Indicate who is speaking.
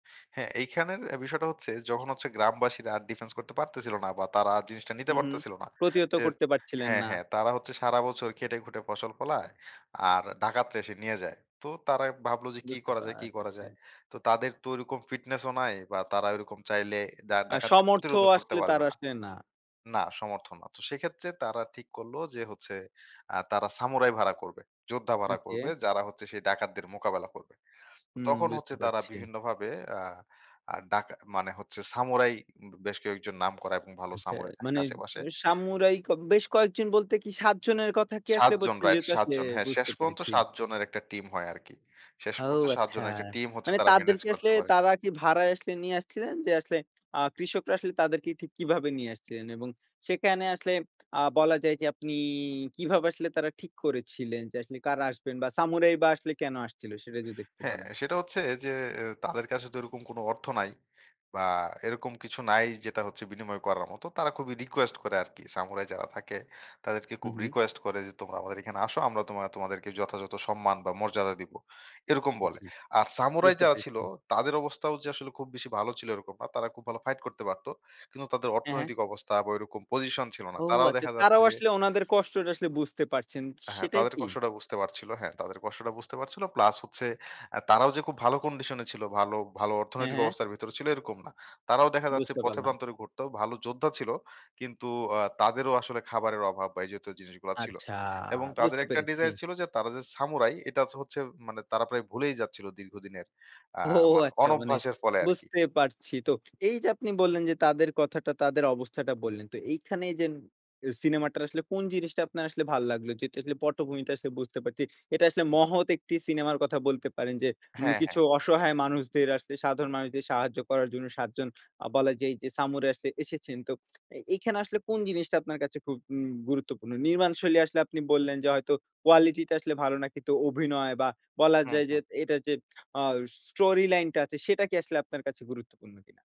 Speaker 1: হ্যাঁ, এইখানের বিষয়টা হচ্ছে যখন হচ্ছে গ্রামবাসীরা আর ডিফেন্স করতে পারতেছিল না বা তারা জিনিসটা নিতে
Speaker 2: হু, হুম,
Speaker 1: পারতেছিল না,
Speaker 2: প্রতিহত
Speaker 1: যে
Speaker 2: করতে পারছিলেন
Speaker 1: হ্যাঁ,
Speaker 2: না।
Speaker 1: হ্যাঁ। তারা হচ্ছে সারা বছর খেটে খুটে ফসল ফলায়। আর ডাকাতরা এসে নিয়ে যায়। তো তারা ভাবলো যে কি
Speaker 2: বুঝতে
Speaker 1: করা
Speaker 2: পা
Speaker 1: যায় কি করা যায়
Speaker 2: [unintelligible]
Speaker 1: তো তাদের তো ওরকম ফিটনেস ও নাই বা তারা ওরকম চাইলে ডা
Speaker 2: আ
Speaker 1: ডাকাতদের
Speaker 2: সমর্থ
Speaker 1: প্রতিরোধও করতে
Speaker 2: আসলে তার
Speaker 1: পারবে না
Speaker 2: আসলে না।
Speaker 1: না সমর্থন না। তো সেক্ষেত্রে তারা ঠিক করলো যে হচ্ছে আ তারা সামুরাই ভাড়া করবে। যোদ্ধা ভাড়া করবে
Speaker 2: ওকে।
Speaker 1: যারা হচ্ছে সেই ডাকাতদের মোকাবেলা করবে।
Speaker 2: হুম।
Speaker 1: তখন
Speaker 2: বুঝতে
Speaker 1: হচ্ছে তারা
Speaker 2: পারছি।
Speaker 1: বিভিন্নভাবে আ আ ডাকা মানে হচ্ছে সামুরাই বেশ কয়েকজন নাম করা এবং ভালো
Speaker 2: আচ্ছা।
Speaker 1: সামুরাই থাকে
Speaker 2: মানে
Speaker 1: আশেপাশে।
Speaker 2: ও সামুরাই কেব বেশ কয়েকজন বলতে কি ৭ জনের কথা কি
Speaker 1: ৭
Speaker 2: আসলে
Speaker 1: জন
Speaker 2: বলছেন
Speaker 1: রাইট
Speaker 2: যেহেতু
Speaker 1: ৭
Speaker 2: আসলে
Speaker 1: জন। হ্যাঁ, শেষ
Speaker 2: বুঝতে
Speaker 1: পর্যন্ত
Speaker 2: পেরেছি।
Speaker 1: ৭ জনের একটা টিম হয় আরকি। শেষ
Speaker 2: ও
Speaker 1: পর্যন্ত ৭
Speaker 2: আচ্ছা।
Speaker 1: জনের একটা টিম হচ্ছে
Speaker 2: মানে
Speaker 1: তারা ম্যানেজ
Speaker 2: তাদেরকে আসলে
Speaker 1: করতে পারে।
Speaker 2: তারা কি ভাড়ায় আসলে নিয়ে আসছিলেন। যে আসলে আ কৃষকরা আসলে তাদেরকে ঠিক কিভাবে নিয়ে আসছিলেন এবং সেখানে আসলে আ বলা যায় যে আপনি কিভাবে আসলে তারা ঠিক করেছিলেন যে আসলে কারা আসবেন বা সামুরাই বা আসলে কেন আসছিল? সেটা যদি একটু
Speaker 1: হ্যাঁ,
Speaker 2: বলেন।
Speaker 1: সেটা হচ্ছে যে এ তাদের কাছে তো এরকম কোন অর্থ নাই। বা এরকম কিছু নাই যেটা হচ্ছে বিনিময় করার মতো। তারা খুবই রিকোয়েস্ট করে আরকি। সামুরাই যারা থাকে তাদেরকে খুব
Speaker 2: হুম, হু।
Speaker 1: রিকোয়েস্ট করে যে, তোমরা আমাদের এখানে আসো। আমরা তোমা তোমাদেরকে যথাযথ সম্মান বা মর্যাদা দিবো। এরকম বলে।
Speaker 2: জি।
Speaker 1: আর সামুরাই
Speaker 2: বুঝতে
Speaker 1: যারা ছিল
Speaker 2: পেরেছি।
Speaker 1: তাদের অবস্থাও যে আসলে খুব বেশি ভালো ছিল এরকম না। তারা খুব ভালো ফাইট করতে পারত। কিন্তু তাদের
Speaker 2: হ্যাঁ, হ্যাঁ।
Speaker 1: অর্থনৈতিক অবস্থা বা ওই এরকম পজিশন ছিল না।
Speaker 2: ও
Speaker 1: তারাও
Speaker 2: আচ্ছা।
Speaker 1: দেখা যাচ্ছে
Speaker 2: তারাও
Speaker 1: যে
Speaker 2: আসলে ওনাদের কষ্টটা আসলে বুঝতে পারছেন
Speaker 1: হ্যাঁ,
Speaker 2: সেটাই
Speaker 1: তাদের
Speaker 2: কি?
Speaker 1: কষ্টটা বুঝতে পারছিল। হ্যাঁ। তাদের কষ্টটা বুঝতে পারছিল প্লাস হচ্ছে আ তারাও যে খুব ভালো কন্ডিশন ছিল ভালো, ভালো,
Speaker 2: হ্যাঁ,
Speaker 1: অর্থনৈতিক
Speaker 2: হ্যাঁ।
Speaker 1: অবস্থার ভেতরে ছিল এরকম না। তারাও দেখা যাচ্ছে
Speaker 2: বুঝতে
Speaker 1: পথে
Speaker 2: পারলাম।
Speaker 1: প্রান্তরে ঘুরত। ভালো যোদ্ধা ছিল। কিন্তু আ তাদেরও আসলে খাবারের অভাব বা এই যেহেতু জিনিসগুলা ছিল।
Speaker 2: আচ্ছা।
Speaker 1: এবং তাদের
Speaker 2: বুঝতে
Speaker 1: একটা
Speaker 2: পেরেছি।
Speaker 1: ডিজায়ার ছিল যে তারা যে সামুরাই এটা যে হচ্ছে মানে তারা প্রায় ভুলেই যাচ্ছিল দীর্ঘদিনের আ
Speaker 2: ও
Speaker 1: মানে
Speaker 2: আচ্ছা মানে
Speaker 1: অনভ্যাসের ফলে আরকি।
Speaker 2: বুঝতে পারছি। তো এই যে আপনি বললেন যে তাদের কথাটা তাদের অবস্থাটা বললেন। তো এইখানেই যে সিনেমাটার আসলে কোন জিনিসটা আপনার আসলে ভাল লাগলো যেহেতু আসলে পটভূমিটা আসলে বুঝতে পারছি। এটা আসলে
Speaker 1: হ্যাঁ।
Speaker 2: মহৎ একটি সিনেমার কথা বলতে পারেন যে উম
Speaker 1: হ্যাঁ,
Speaker 2: কিছু
Speaker 1: হ্যাঁ।
Speaker 2: অসহায় মানুষদের আসলে সাধারণ মানুষদের সাহায্য করার জন্য ৭ জন আ বলা যায় যে সামুরাই আসছে এসেছেন। তো এখানে আসলে কোন জিনিসটা আপনার কাছে খুব উম গুরুত্বপূর্ণ? নির্মাণ শৈলী আসলে আপনি বললেন যে হয়তো কোয়ালিটি টা আসলে ভালো না। কিন্তু অভিনয় বা বলা
Speaker 1: হুম,
Speaker 2: যায় যে
Speaker 1: হুম।
Speaker 2: এটার যে আ স্টোরি লাইন টা আছে সেটা কি আসলে আপনার কাছে গুরুত্বপূর্ণ কিনা?